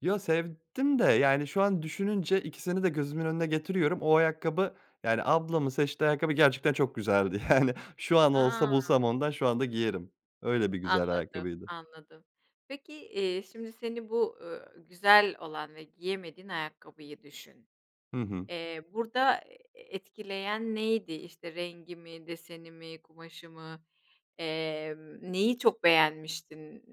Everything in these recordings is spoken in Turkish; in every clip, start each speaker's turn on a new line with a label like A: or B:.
A: Ya sevdim de yani şu an düşününce ikisini de gözümün önüne getiriyorum, o ayakkabı yani, ablamın seçtiği ayakkabı, gerçekten çok güzeldi. Yani şu an olsa
B: A!
A: bulsam ondan şu anda giyerim. Öyle bir güzel
B: Anladım,
A: ayakkabıydı.
B: anladım. Peki, eee, şimdi seni bu, uuu, güzel olan ve giyemediğin ayakkabıyı düşün.
A: Hı hı.
B: Eee, burada, eee, etkileyen neydi işte rengi mi, deseni mi, kumaşı mı, emm, neyi çok beğenmiştin?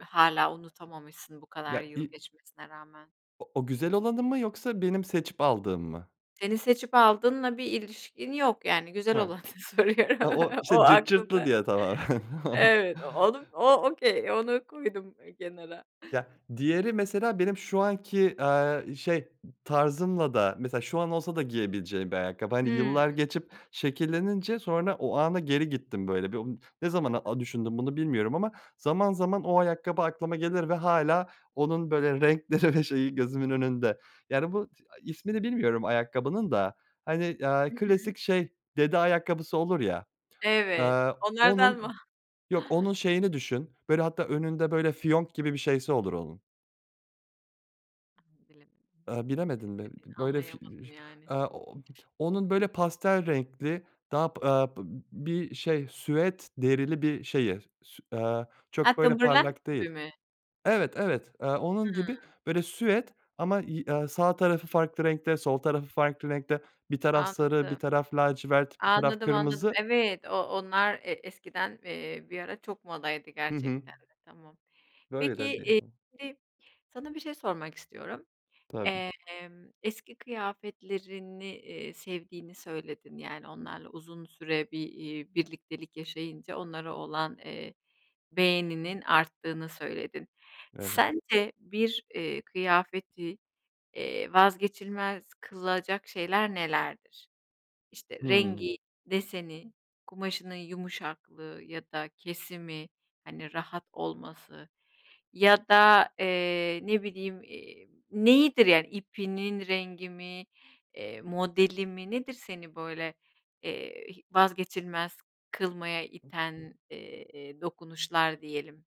B: Hâlâ unutamamışsın, bu kadar
A: Ya
B: yıl
A: i
B: geçmesine rağmen?
A: O o güzel olanı mı yoksa benim seçip aldığım mı?
B: Senin seçip aldığınla bir ilişkin yok yani, güzel
A: Ha.
B: olanı soruyorum.
A: Ha, o
B: O
A: işte cırt cırtlı
B: aklımda.
A: diye, tamam.
B: Evet, o onu o okay, onu koydum kenara.
A: Ya diğeri mesela benim şu anki, aaa, şey, ı tarzımla da mesela şu an olsa da giyebileceğim bir ayakkabı, hani,
B: Hımm.
A: yıllar geçip şekillenince sonra o ana geri gittim böyle. Bir o ne zaman,
B: Anladım.
A: aaa, düşündüm bunu bilmiyorum ama zaman zaman o ayakkabı aklıma gelir ve hâlâ onun böyle renkleri ve şeyi gözümün önünde. Yani bu, t aaa, ismini bilmiyorum ayakkabının da, hani, aaa,
B: Hı hı.
A: klasik şey, dede ayakkabısı olur ya,
B: Evet,
A: aaa,
B: onlardan
A: onun,
B: mı?
A: yok onun şeyini düşün, böyle hatta önünde böyle fiyonk gibi bir şeyi olur onun.
B: Hımm, bilemedim
A: Aaa,
B: nasıl bir
A: bilemedin
B: şey
A: mi?
B: dediğini
A: B böyle fi eee,
B: anlayamadım yani.
A: aaa, ooo, onun böyle pastel renkli, daha p aaa, p b bir şey süet derili bir şeyi. S sü aaa,
B: Ha,
A: çok böyle
B: Timberland
A: parlak değil.
B: gibi mi?
A: Evet, evet, eee, onun gibi
B: Hımm.
A: böyle süet ama yi aaa, sağ tarafı farklı renkte, sol tarafı farklı renkte, bir taraf sarı, bir
B: Anladım.
A: taraf lacivert, bir taraf
B: Anladım, anladım,
A: kırmızı.
B: evet o onlar e eskiden, eee, bir ara çok modaydı
A: Hı hı.
B: gerçekten de. Tamam.
A: Böyle
B: Peki,
A: de diye
B: iii,
A: hıh.
B: şimdi sana bir şey sormak istiyorum.
A: Tabii.
B: Emm, eski kıyafetlerini, iii, sevdiğini söyledin, yani onlarla uzun süre bir, iii, birliktelik yaşayınca onlara olan, eee, beğeninin arttığını söyledin.
A: Evet.
B: Sence bir, iii, kıyafeti, eee, vazgeçilmez kılacak şeyler nelerdir? İşte
A: Hımm.
B: rengi, deseni, kumaşının yumuşaklığı ya da kesimi, hani, rahat olması ya da, eee, ne bileyim, iii, neyidir yani, ipinin rengi mi, eee modeli mi, nedir seni böyle, eee, hi vazgeçilmez kılmaya iten, eee, dokunuşlar diyelim?